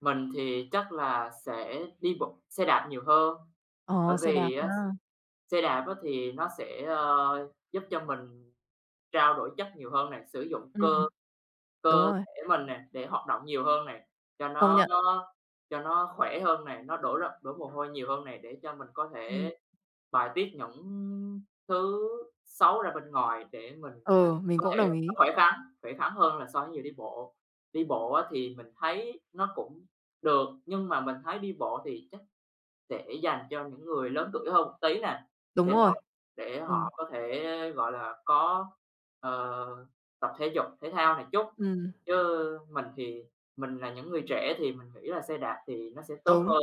Mình thì chắc là sẽ đi bộ xe đạp nhiều hơn. Ờ, Bởi xe đạp vì á, ha. xe đạp á, thì nó sẽ, ờ, giúp cho mình trao đổi chất nhiều hơn nè, sử dụng Ừm cơ hừm. Đúng cơ rồi. thể mình nè để hoạt động nhiều hơn nè, cho Công nó nhận. nó nó cho nó khỏe hơn này, nó đổ ra đổ mồ hôi nhiều hơn nè, để cho mình có Ừm. thể bài tiết những thứ xấu ra bên ngoài, để mình có Ừ, mình cơ cũng thể đồng nó ý. khỏe khoắn, khỏe khoắn hơn là so với người đi bộ. Đi bộ á, thì mình thấy nó cũng được, nhưng mà mình thấy đi bộ thì chắc sẽ dành cho những người lớn tuổi hơn một tí nè, Đúng để rồi. họ để Ừ. họ có thể, gọi là, có, ờ, tập thể dục thể thao nè chút. Ừm. Chứ mình thì mình là những người trẻ thì mình nghĩ là xe đạp thì nó sẽ tốt Đúng. hơn,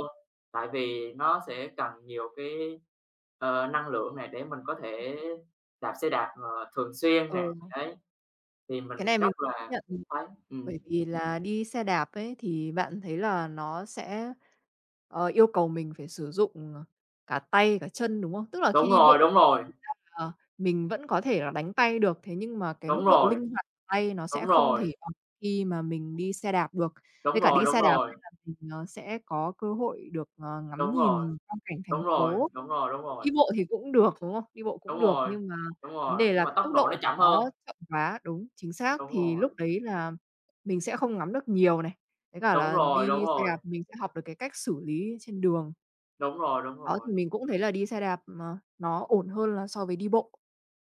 tại vì nó sẽ cần nhiều cái, ờ, năng lượng nè để mình có thể đạp xe đạp, ờ, thường xuyên nè, Ừ. đấy. Thì Cái này mình rất mình là nhận, ừm, thấy, ừm. bởi vì là đi xe đạp ấy, thì bạn thấy là nó sẽ, ờ, yêu cầu mình phải sử dụng cả tay cả chân, đúng không? Tức là khi Đúng đi rồi, bộ đúng rồi. thực chất là mình vẫn có thể là đánh tay được thế nhưng mà cái Đúng mức độ rồi. linh hoạt tay nó sẽ Đúng không rồi. thể bằng khi mà mình đi xe đạp được. Đúng Với cả rồi, đi đúng xe đạp, rồi. là mình, ờ, sẽ có cơ hội được, ờ, ngắm Đúng rồi, nhìn quang cảnh thành đúng rồi, phố. đúng rồi, đúng rồi. Đi bộ thì cũng được, đúng không? Đi bộ Đúng cũng được, rồi, nhưng mà đúng vấn rồi, đề nhưng là mà tốc tốc độ nó độ của chậm nó hơn. chậm quá đúng, chính xác, Đúng thì lúc rồi. đấy là mình sẽ không ngắm được nhiều này, với cả Đúng là rồi, đúng đi xe rồi. đạp mình sẽ học được cái cách xử lý trên đường. Đúng rồi, đúng Đó, thì rồi. mình cũng thấy là đi xe đạp, à, nó ổn hơn là so với đi bộ.